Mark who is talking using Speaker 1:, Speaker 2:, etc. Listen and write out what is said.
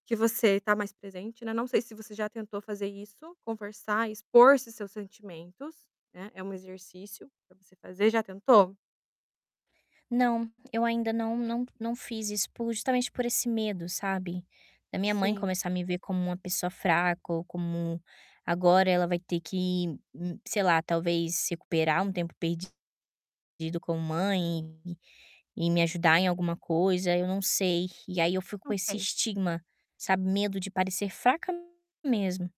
Speaker 1: Que você tá mais presente, né, não sei se você já tentou fazer isso, conversar, expor esses seus sentimentos, né. É um exercício para você fazer. Já tentou?
Speaker 2: Não, eu ainda não não não fiz isso por justamente por esse medo, sabe. Da minha mãe
Speaker 1: Sim.
Speaker 2: começar a me ver como uma pessoa fraca ou como agora ela vai ter que hum, sei lá, talvez recuperar um tempo perdido com mãe e e me ajudar em alguma coisa, eu não sei. E aí eu fico com esse
Speaker 1: Ok.
Speaker 2: estigma, sabe. Medo de parecer fraca mesmo.